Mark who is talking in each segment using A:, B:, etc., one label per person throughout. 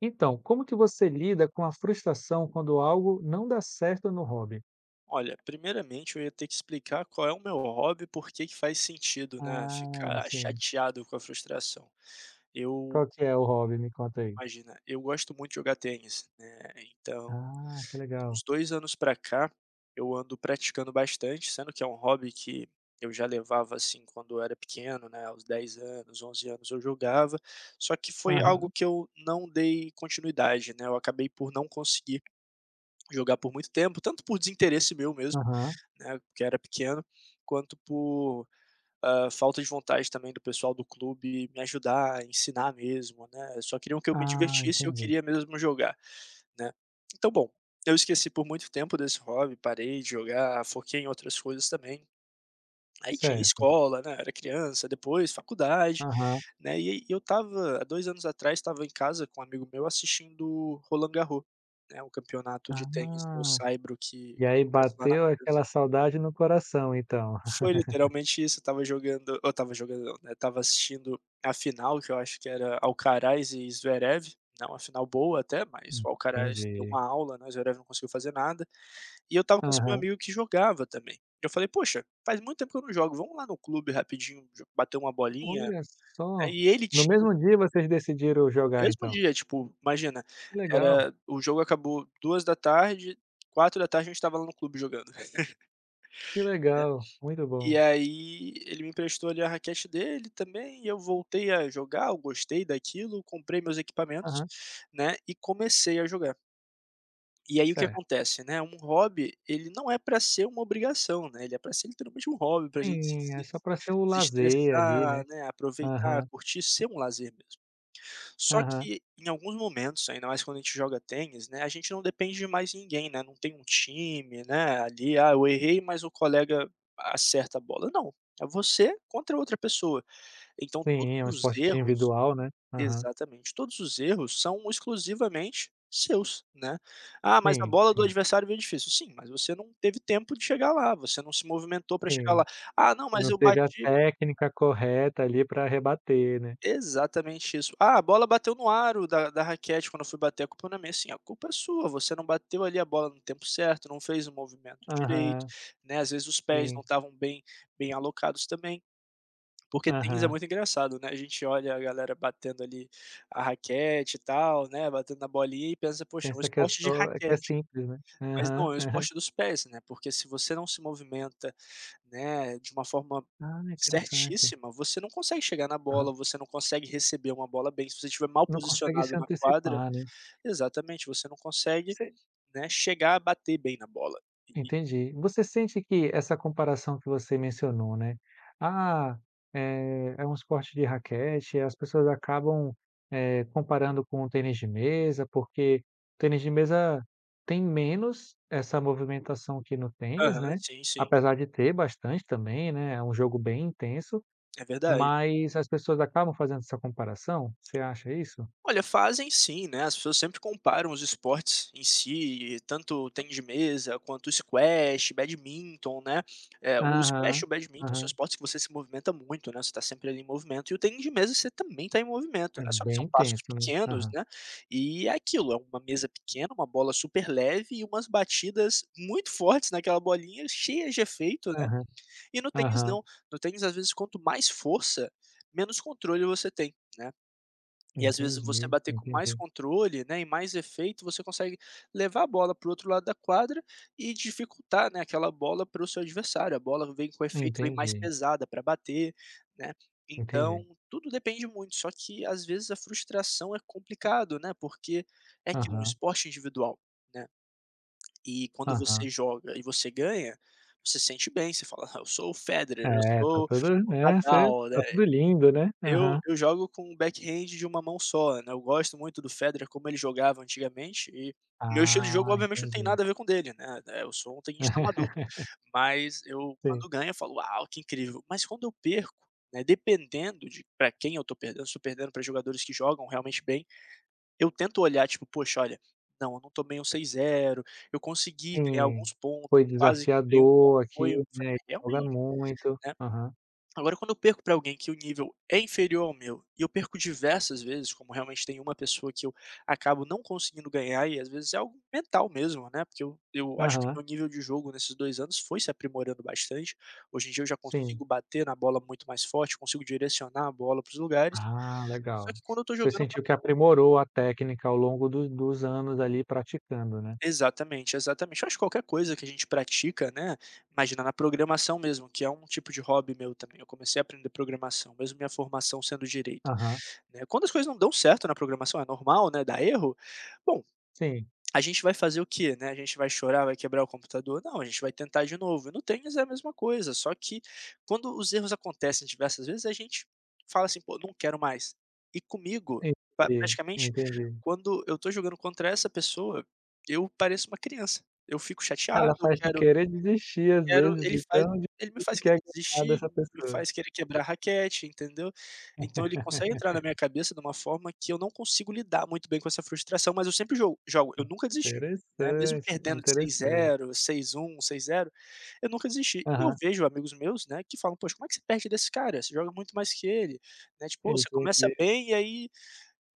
A: Então, como que você lida com a frustração quando algo não dá certo no hobby?
B: Olha, primeiramente eu ia ter que explicar qual é o meu hobby e por que que faz sentido, né,
A: Ah,
B: ficar
A: sim.
B: chateado com a frustração. Eu
A: Qual que é o hobby? Me conta aí.
B: Imagina, eu gosto muito de jogar tênis, né, então,
A: Ah, que legal.
B: uns 2 anos pra cá, eu ando praticando bastante, sendo que é um hobby que eu já levava, assim, quando eu era pequeno, né, aos 10 anos, 11 anos eu jogava, só que foi algo
A: Aham.
B: que eu não dei continuidade, né, eu acabei por não conseguir jogar por muito tempo, tanto por desinteresse meu mesmo,
A: Aham.
B: né, porque era pequeno, quanto por, ah, falta de vontade também do pessoal do clube me ajudar, ensinar mesmo, né, só queriam que eu me
A: Ah,
B: divertisse e eu
A: entendi.
B: queria mesmo jogar, né. Então, bom, eu esqueci por muito tempo desse hobby, parei de jogar, foquei em outras coisas também, aí tinha
A: Certo.
B: escola, né, eu era criança, depois faculdade,
A: Aham.
B: né, e aí eu estava há 2 anos atrás estava em casa com um amigo meu assistindo Roland Garros, né, o campeonato de tênis no
A: Ah,
B: saibro que
A: e aí
B: acontece lá na
A: bateu
B: França.
A: aquela saudade no coração então.
B: Foi literalmente isso, eu estava jogando eu estava jogando não, né, estava assistindo a final que eu acho que era Alcaraz e Zverev, né, uma final boa até, mas
A: Hum,
B: o Alcaraz deu
A: entendi.
B: uma aula, né, o Zverev não conseguiu fazer nada, e eu estava com esse meu
A: Aham.
B: amigo que jogava também. Eu falei: "Poxa, faz muito tempo que eu não jogo. Vamos lá no clube rapidinho jo bater uma bolinha?"
A: Olha só,
B: Aí ele
A: no
B: tinha
A: mesmo dia vocês decidiram
B: No
A: jogar
B: mesmo
A: então.
B: dia, tipo, imagina,
A: Que legal!
B: era o jogo acabou 14h, 16h a gente estava lá no clube jogando.
A: Que
B: Né,
A: legal, muito
B: e
A: bom.
B: aí ele me emprestou ali a raquete dele também e eu voltei a jogar, eu gostei daquilo, comprei meus equipamentos,
A: Aham.
B: né, e comecei a jogar. E aí, o que
A: Certo.
B: acontece, né, um hobby, ele não é pra ser uma obrigação, né, ele é pra ser literalmente um hobby pra gente se
A: Sim, é
B: deses
A: só para ser o lazer ali, né.
B: desestressar, né, aproveitar,
A: Aham.
B: curtir, ser um lazer mesmo. Só
A: Aham.
B: que em alguns momentos, ainda mais quando a gente joga tênis, né, a gente não depende de mais ninguém, né, não tem um time, né, ali "Ah, eu errei, mas o colega acerta a bola", não, é você contra outra pessoa. Então,
A: Sim, é um
B: todos os
A: esporte
B: erros
A: individual, né. Aham.
B: Exatamente, todos os erros são exclusivamente seus, né. "Ah, mas a
A: Sim,
B: bola do
A: sim.
B: adversário veio difícil". Sim, mas você não teve tempo de chegar lá, você não se movimentou pra chegar
A: Sim,
B: lá. "Ah, não, mas
A: não
B: eu
A: teve a
B: bati"
A: técnica correta ali pra rebater, né?
B: Exatamente isso. "Ah, a bola bateu no aro da da raquete quando eu fui bater, a culpa na minha". Sim, a culpa é sua, você não bateu ali a bola no tempo certo, não fez o movimento direito,
A: Aham.
B: né, às vezes os pés não
A: Sim.
B: estavam bem bem alocados também, porque tênis é
A: Aham.
B: muito engraçado, né, a gente olha a galera batendo ali a raquete e tal, né, batendo na bolinha e pensa: "Poxa, é um
A: Pensa que é
B: esporte de
A: só que é
B: raquete",
A: simples, né.
B: mas não,
A: Aham.
B: é o
A: Aham.
B: esporte dos pés, né, porque se você não se movimenta, né, de uma forma
A: Ah, interessante.
B: certíssima, você não consegue chegar na
A: Aham.
B: bola, você não consegue receber uma bola bem, se você estiver mal
A: Não consegue se
B: posicionado na quadra
A: antecipar, né.
B: Exatamente, você não consegue,
A: Você
B: né, chegar a bater bem na bola, e e
A: Entendi. Você sente que essa comparação que você mencionou, né. "Ah, eh, é um esporte de raquete, as pessoas acabam, eh, comparando com o tênis de mesa" porque tênis de mesa tem menos essa movimentação aqui no tênis,
B: Aham.
A: né,
B: Sim, sim.
A: apesar de ter bastante também, né, é um jogo bem intenso,
B: É verdade.
A: mas as pessoas acabam fazendo essa comparação? Você acha isso?
B: Olha, fazem sim, né, as pessoas sempre comparam os esportes em si e tanto o tênis de mesa quanto o squash, badminton, né. Eh, o
A: Aham.
B: squash e o badminton são
A: Aham.
B: esportes que você se movimenta muito, né, você está sempre ali em movimento e o tênis de mesa você também tá em movimento,
A: É
B: né, só que são
A: bem
B: passos
A: tenso, hein.
B: pequenos,
A: Aham.
B: né, e é aquilo, é uma mesa pequena, uma bola super leve e umas batidas muito fortes naquela bolinha cheia de efeito, né,
A: Aham.
B: e no tênis
A: Aham.
B: não, no tênis, às vezes, quanto mais força, menos controle você tem, né.
A: Eu
B: E às vezes você
A: entendi,
B: bater com mais
A: entendi.
B: controle, né, e mais efeito, você consegue levar a bola para o outro lado da quadra, e dificultar, né, aquela bola para o seu adversário, a bola vem com efeito, vem mais
A: Entendi.
B: pesada pra bater, né,
A: Entendi.
B: então, tudo depende muito. Só que, às vezes, a frustração é complicado, né, porque É que um
A: Aham.
B: esporte individual, né, e quando você
A: Aham.
B: joga e você ganha, você sente bem você fala: "Ah, eu sou o Federer, eu
A: É, tá
B: sou
A: tudo,
B: o
A: né, você
B: Nadal", né.
A: Tá tudo lindo, né.
B: Eu
A: Aham.
B: eu jogo com o backhand de uma mão só, né, eu gosto muito do Federer, como ele jogava antigamente e meu estilo de jogo,
A: Ah,
B: obviamente, não tem
A: entendi.
B: nada a ver com dele, né, eh, eu sou um tenista amador, mas eu,
A: Sim.
B: quando ganho, eu falo: "Uau, que incrível". Mas quando eu perco, né, dependendo de pra quem eu tô perdendo, se eu tô perdendo pra jogadores que jogam realmente bem, eu tento olhar tipo: "Poxa, olha, não, eu não tomei um 6, 0, eu consegui ganhar
A: Sim,
B: alguns pontos,
A: foi
B: eu quase quebrei um ponto",
A: desafiador aqui,
B: foi foi
A: né, ele joga
B: realmente
A: muito.
B: Né.
A: Aham.
B: Agora quando eu perco pra alguém que o nível é inferior ao meu, e eu perco diversas vezes, como realmente tem uma pessoa que eu acabo não conseguindo ganhar e, às vezes, é algo mental mesmo, né, porque eu eu acho que
A: Aham.
B: meu nível de jogo nesses 2 anos foi se aprimorando bastante, hoje em dia eu já consigo
A: Sim.
B: bater na bola muito mais forte, consigo direcionar a bola para os lugares,
A: Ah,
B: só
A: legal.
B: que quando eu estou
A: Você
B: jogando, eu fa
A: sentiu que aprimorou a técnica ao longo do dos anos ali praticando, né?
B: Exatamente, exatamente. Eu acho que qualquer coisa que a gente pratica, né, imagina, na programação mesmo que é um tipo de hobby meu também, eu comecei a aprender programação mesmo minha formação sendo direito,
A: Aham.
B: né, quando as coisas não dão certo na programação, é normal, né, dar erro, bom,
A: Sim.
B: a gente vai fazer o quê, né? A gente vai chorar? Vai quebrar o computador? Não, a gente vai tentar de novo. E no tênis é a mesma coisa, só que quando os erros acontecem diversas vezes, a gente fala assim: "Pô, não quero mais", e comigo, pa
A: Entendi,
B: praticamente
A: entendi.
B: quando eu tô jogando contra essa pessoa, eu pareço uma criança, eu fico
A: Ela
B: chateado, eu
A: faz te
B: quero
A: querer desistir às
B: quero
A: vezes
B: Ele
A: de tão
B: faz ele me
A: difícil
B: faz
A: que é
B: querer
A: ganhar
B: desistir,
A: dessa
B: me
A: pessoa.
B: faz querer quebrar a raquete, entendeu? Então, ele consegue entrar na minha cabeça de uma forma que eu não consigo lidar muito bem com essa frustração, mas eu sempre jogo jogo, eu nunca desisti, né, mesmo
A: Interessante,
B: perdendo de seis
A: interessante.
B: zero, 6 1, 6 0, eu nunca desisti. E eu
A: Aham.
B: vejo amigos meus, né, que falam: "Poxa, como é você perde desse cara? Você joga muito mais que ele". Né, tipo "Oh, você começa
A: Entendi.
B: bem e aí"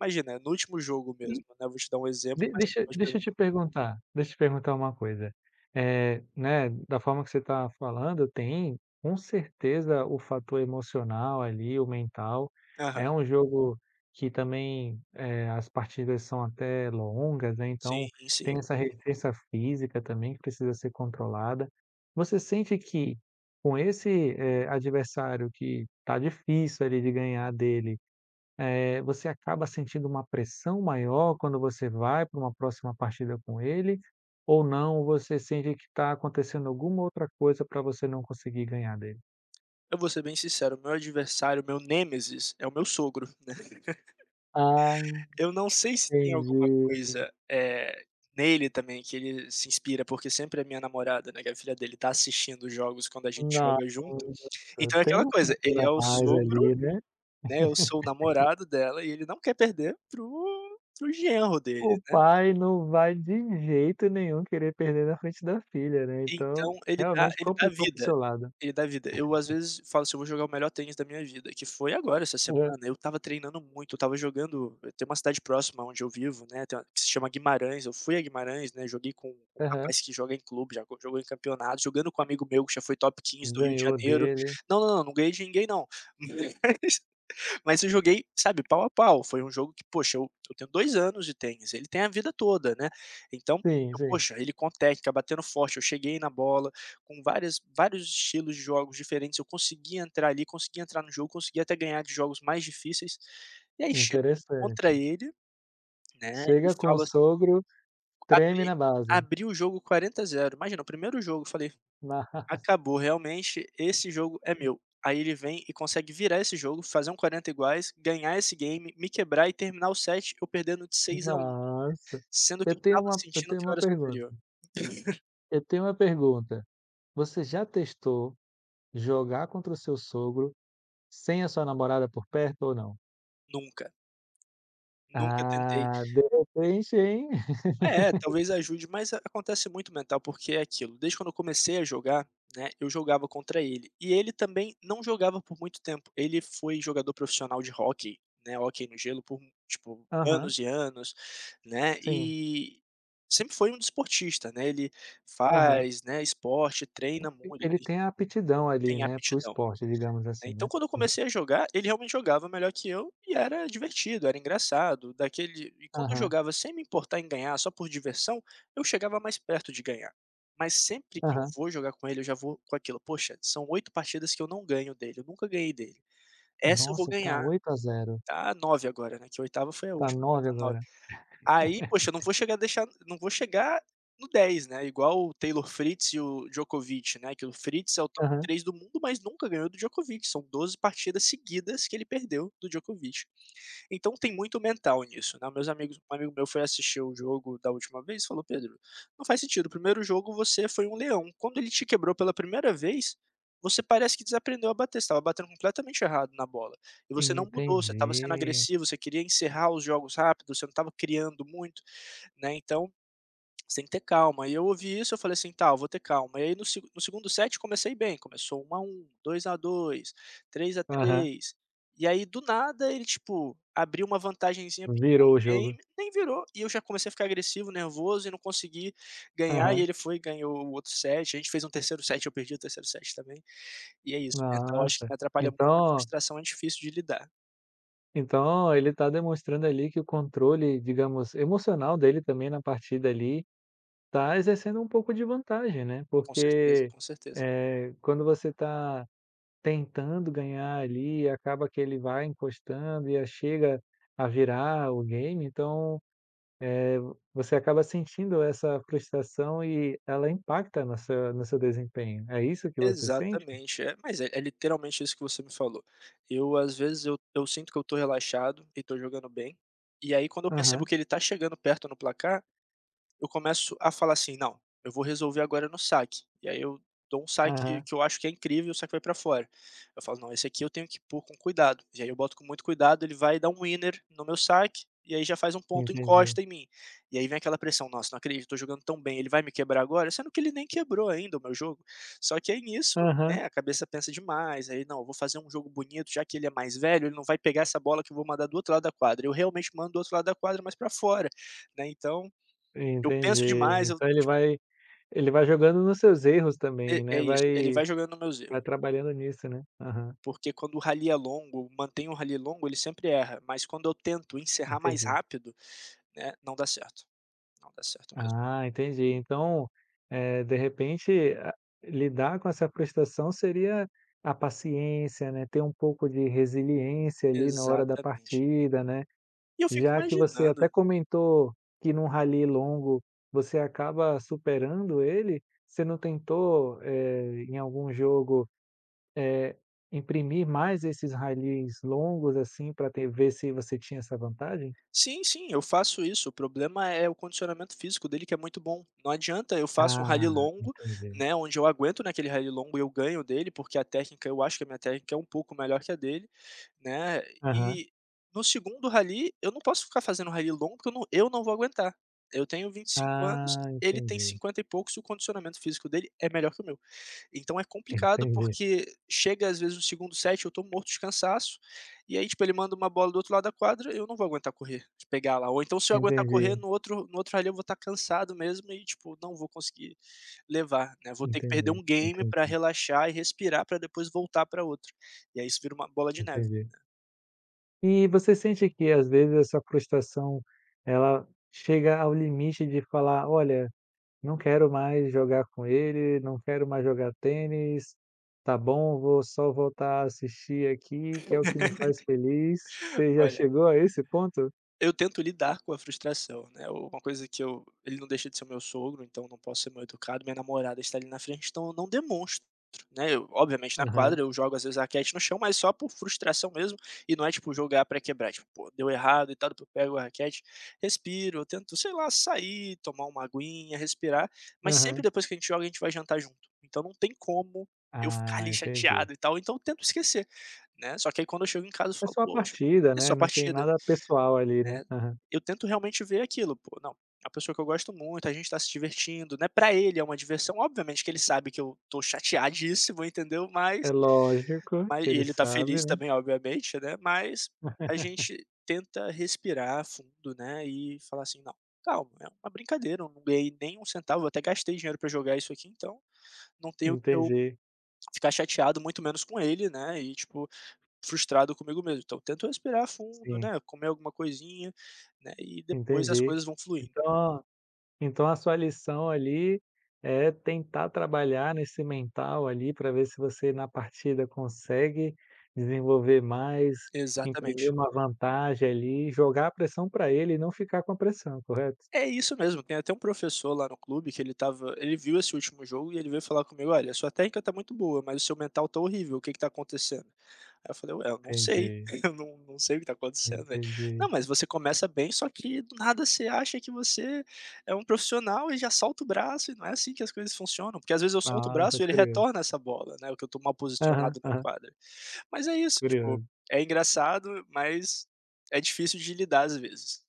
B: Imagina, no último jogo mesmo,
A: E
B: né, vou te dar um exemplo,
A: De
B: mas você
A: deixa
B: pode
A: deixa
B: pergun
A: eu te perguntar, deixa eu te perguntar uma coisa. Eh, né, da forma que você tá falando, tem com certeza o fator emocional ali, o mental, é
B: Aham.
A: um jogo que também, eh, as partidas são até longas, né, então,
B: Sim, sim.
A: tem essa resistência física também que precisa ser controlada. Você sente que, com esse, eh, adversário que tá difícil ali de ganhar dele, eh, você acaba sentindo uma pressão maior quando você vai pra uma próxima partida com ele, ou não, você sente que tá acontecendo alguma outra coisa pra você não conseguir ganhar dele?
B: Eu vou ser bem sincero, meu adversário, o meu nêmesis é o meu sogro, né.
A: Ah,
B: Eu não sei se tem alguma
A: entendi.
B: coisa, eh, nele também que ele se inspira porque sempre a minha namorada, né, que a filha dele, tá assistindo jogos quando a gente
A: Nossa,
B: joga junto então é
A: tem
B: aquela
A: um
B: coisa, ele
A: futuro
B: é o
A: a mais
B: sogro,
A: ali, né.
B: né, eu sou o namorado dela e ele não quer perder para o para o genro
A: O
B: dele, né.
A: pai não vai de jeito nenhum querer perder na frente da filha, né, então,
B: Então ele dá
A: realmente
B: ele dá a
A: complicou para o seu
B: vida,
A: lado.
B: ele dá a vida, eu às vezes falo assim: "Eu vou jogar o melhor tênis da minha vida", que foi agora essa
A: [unintelligible]
B: semana, eu estava treinando muito, eu estava jogando eu tenho uma cidade próxima onde eu vivo, né, tem uma se chama Guimarães, eu fui a Guimarães, né, joguei com com um
A: Aham.
B: rapaz que joga em clube, já jogou em campeonatos, jogando com um amigo meu que já foi top 15 do Rio de
A: Ganhou
B: Janeiro,
A: dele.
B: não não não não ganhei de ninguém não. Mas eu joguei sabe pau a pau, foi um jogo que poxa eu eu tenho 2 anos de tênis, ele tem a vida toda, né, então,
A: Sim, sim.
B: poxa, ele com técnica, batendo forte, eu cheguei na bola, com várias vários estilos de jogos diferentes, eu consegui entrar ali, consegui entrar no jogo, consegui até ganhar de jogos mais difíceis, e aí chegou
A: Interessante.
B: contra ele, né, e
A: Chega com o
B: falo assim
A: sogro, treme
B: Abri
A: na base.
B: abri o jogo 40 a 0, imagina o primeiro jogo eu falei: "Acabou realmente esse jogo é meu", aí ele vem e consegue virar esse jogo, fazer um 40 iguais, ganhar esse game, me quebrar e terminar o set, eu perdendo de 6 a 1,
A: Nossa,
B: sendo
A: eu
B: que eu
A: tenho
B: estava
A: uma eu
B: sentindo
A: tenho
B: que eu
A: uma
B: era
A: pergunta.
B: superior.
A: Eu tenho uma pergunta, você já testou jogar contra o seu sogro, sem a sua namorada por perto ou não?
B: Nunca. Nunca tentei.
A: Ah deu pra preencher, hein.
B: É talvez ajude, mas acontece muito mental porque é aquilo, desde quando eu comecei a jogar, né, eu jogava contra ele, e ele também não jogava por muito tempo, ele foi jogador profissional de hóquei, né, hóquei no gelo por tipo
A: Aham.
B: anos e anos, né,
A: Sim.
B: e, sempre foi um desportista, né, ele
A: Aham.
B: faz, né, esporte, treina muito
A: Ele
B: e
A: tem a aptidão ali,
B: tem
A: né, para o
B: aptidão.
A: esporte digamos
B: Ai
A: assim,
B: então
A: né.
B: quando eu comecei a jogar, ele realmente jogava melhor que eu e era divertido, era engraçado, daquele e quando eu
A: Aham.
B: jogava sem me importar em ganhar só por diversão, eu chegava mais perto de ganhar, mas sempre que eu
A: Aham.
B: vou jogar com ele, eu já vou com aquilo: "Poxa, são 8 partidas que eu não ganho dele, eu nunca ganhei dele, essa eu vou
A: Nossa, tá
B: ganhar",
A: 8 a 0.
B: ta 9 agora, né, que a 8ª foi a
A: Tá
B: última, vai
A: 9
B: dar 9.
A: agora.
B: Aí poxa eu não vou chegar a deixar não vou chegar no 10, né, igual o Taylor Fritz e o Djokovich, né, que o Fritz é o top
A: Aham.
B: 3 do mundo, mas nunca ganhou do Djokovich, são 12 partidas seguidas que ele perdeu do Djokovich. Então tem muito mental nisso, né, meus amigos um amigo meu foi assistir o jogo da última vez falou: "Pedro, não faz sentido o primeiro jogo você foi um leão, quando ele te quebrou pela priemira vez, você parece que desaprendeu a bater, você estava batendo completamente errado na bola, e você não mudou, você estava sendo
A: Entendi.
B: agressivo, você queria encerrar os jogos rápido, você não estava criando muito, né, então, você tem que ter calma". E eu ouvi isso eu falei assim: "Tá, vou ter calma", e aí no segu no 2º set comecei bem, começou 1 a 1, 2 a 2, 3 a
A: Aham.
B: 3, e aí do nada, ele tipo, abriu uma vantagenzinha pequena
A: Virou o
B: no
A: jogo.
B: game, nem virou e eu já comecei a ficar agressivo, nervoso e não consegui ganhar e
A: Aham.
B: ele foi e ganhou o outro set, a gente fez um 3º set, eu perdi o 3º set também, e é isso, eu acho que
A: Nossa,
B: me atrapalha muito
A: então
B: a
A: oh
B: frustração é difícil de lidar.
A: Então, ele tá demonstrando ali, que o controle digamos emocional dele também na partida ali, tá exercendo um pouco de vantagem, né.
B: Com certeza,
A: Porque,
B: com certeza.
A: eh, quando você tá tentando ganhar ali, e acaba que ele vai encostando e a chega a virar o game então, eh, vô você acaba sentindo essa frustração e ela impacta na seu no seu desempenho. É isso que você sente?
B: Exatamente, é, mas é é literalmente isso que você me falou. Eu, às vezes, eu eu sinto que eu tô relaxado e tô jogando bem, e aí, quando eu percebo
A: Aham.
B: que ele tá chegando perto no placar, eu começo a falar assim: "Não, eu vou resolver agora no saque." E aí eu dou um saque
A: Aham.
B: que eu acho que é incrível, e o saque foi para fora. Eu falo: "Não, esse aqui eu tenho que pôr com cuidado.". E aí eu boto com muito cuidado, ele vai dá um winner no meu saque, e aí já faz um ponto,
A: Entendi.
B: encosta em mim. E aí vem aquela pressão: "Nossa não acredito, tô jogando tão bem, ele vai me quebrar agora?", sendo que ele nem quebrou ainda o meu jogo. Só que é nisso,
A: Aham.
B: né, a cabeça pensa demais, aí: "Não eu vou fazer um jogo bonito, já que ele é mais velho, ele não vai pegar essa bola que eu vou mandar do outro lado da quadra", Eu, realmente, mando do outro lado da quadra, mas pra fora, né, então, eu penso
A: Entendi,
B: demais, eu
A: então ele
B: tipo
A: vai ele vai jogando nos seus erros
B: É
A: também,
B: é
A: né,
B: isso, ele
A: vai
B: vai jogando nos meus erro.
A: vai trabalhando nisso, né. Aham.
B: Porque, quando o rally é longo, mantem o rally longo, ele sempre erra. Mas, quando eu tento encerrar mais
A: Entendi.
B: rápido, né, não dá certo, não dá certo mesmo.
A: Ah, entendi então, eh, de repente a lidar com essa frustração seria a paciência, né, ter um pouco de resiliência ali, na hora da
B: Exatamente.
A: partida, né.
B: E eu fico
A: Já que você até
B: imaginando
A: comentou que num rally longo você acaba superando ele. Você não tentou, eh, em algum jogo, eh, imprimir mais esses rallys longos assim, pra ter ver se você tinha essa vantagem?
B: Sim sim, eu faço isso, o problema é o condicionamento físico dele que é muito bom, não adianta, eu faço um rally
A: Ah,
B: longo,
A: entendi.
B: né, onde eu aguento naquele rally longo, eu ganho dele porque a técnica eu acho que a minha técnica é um pouco melhor que a dele, né,
A: Aham.
B: e no segundo rally eu não posso ficar fazendo rally longo porque eu não eu não vou aguentar. Eu tenho 25 anos,
A: Ah,
B: ele tem
A: entendi.
B: 50 e poucos e o condicionamento físico dele é melhor que o meu. Então, é complicado
A: Entendi.
B: porque chega às vezes o segundo set, eu tô morto de cansaço, e aí tipo, ele manda uma bola do outro lado da quadra, eu não vou aguentar correr. Pegar lá, ou então, se eu aguentar correr
A: Entendi.
B: no outro no outro rally eu vou estar cansado mesmo e tipo, não vou conseguir levar, né. Vou ter que perder
A: Entendi,
B: um game pra
A: entendi.
B: relaxar e respirar, pra depois voltar para outro, e aí isso vira uma bola de neve.
A: Entendi. E você sente que as vezes essa frustração ela chega ao limite de falar: "Olha, não quero mais jogar com ele, não quero mais jogar tênis, tá bom? Vou só, voltar a assistir aqui, que é o que me faz feliz", Você já
B: Olha,
A: chegou a esse ponto?
B: eu tento lidar com a frustração, né, uma coisa que eu ele não deixa de ser o meu sogro, então não posso ser mal educado. Minha namorada está ali, na frente, então eu não demonstro, né. Eu obviamente na
A: Aham.
B: quadra, eu jogo às vezes a raquete no chão, mas só por frustração mesmo, e não é tipo jogar pra quebrar, é tipo pô, deu errado e tal, depois pego a raquete, respiro, eu tento sei lá, sair, tomar uma aguinha, respirar. Mas sempre
A: Aham.
B: depois que a gente joga a gente vai jantar junto, então não tem como eu ficar
A: Ah,
B: ali
A: entendi.
B: chateado e tal, então tento esquecer, né. Só que aí quando eu chego em casa eu
A: É
B: falo:
A: só a
B: "Poxa,
A: partida,
B: é
A: né,
B: só
A: não tem
B: partida,
A: nada pessoal ali, né.
B: né".
A: Aham.
B: Eu tento realmente ver aquilo: "Pô, não, é uma pessoa que eu gosto muito, a gente tá se divertindo", né. Pra ele é uma diversão, obviamente que ele sabe que eu tô chateadíssimo, entendeu, mas
A: É lógico
B: mas
A: que
B: e
A: ele
B: ele tá
A: sabe,
B: feliz
A: né.
B: também, obviamente, né. Mas a gente tenta respirar fundo, né, e falar assim: "Não, calma, é uma brincadeira, eu não ganhei nem um centavo, eu até gastei dinheiro pra jogar isso aqui, então, não tem o que eu
A: Entendi.
B: ficar chateado, muito menos com ele, né. E tipo, frustrado comigo mesmo", então tento respirar fundo,
A: Sim.
B: né, comer alguma coisinha, né, e depois as
A: Entendi,
B: coisas vão fluir.
A: então então a sua lição ali, é tentar trabalhar nesse mental ali, pra ver se você na partida consegue desenvolver mais, imprimir
B: Exatamente.
A: uma vantagem ali, e jogar a pressão pra ele e não ficar com a pressão, correto?
B: É isso mesmo. Tem até um professor lá no clube que ele tava ele viu esse último jogo e ele veio falar comigo: "Olha, sua técnica tá muito boa, mas o seu mental tá horrível, o que que tá acontecendo?", aí eu falei: "Ué, eu não sei,
A: Entendi.
B: eu num num sei o que tá acontecendo velho. 'Não
A: Entendi.
B: mas você começa bem, só que do nada você acha que você é um profissional e já solta o braço e não é assim que as coisas funcionam'". Porque as vezes eu solto o
A: Ah,
B: braço e ele
A: [unintelligible]
B: retorna essa bola, né, ou que eu tô mal
A: Aham,
B: posicionado na
A: aham.
B: quadra. Mas é isso tipo,
A: Curioso.
B: é engraçado mas, é difícil de lidar às vezes.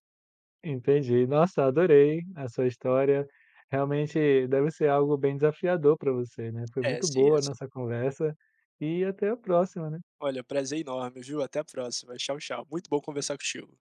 A: Entendi, nossa, adorei a sua história. Realmente deve ser algo bem desafiador pra você, né. Foi
B: É
A: muito
B: sim, é
A: boa a
B: sim.
A: nossa conversa, e até a próxima, né.
B: Olha, prazer enorme, viu, até a próxima, tchau tchau. Muito bom conversar contigo.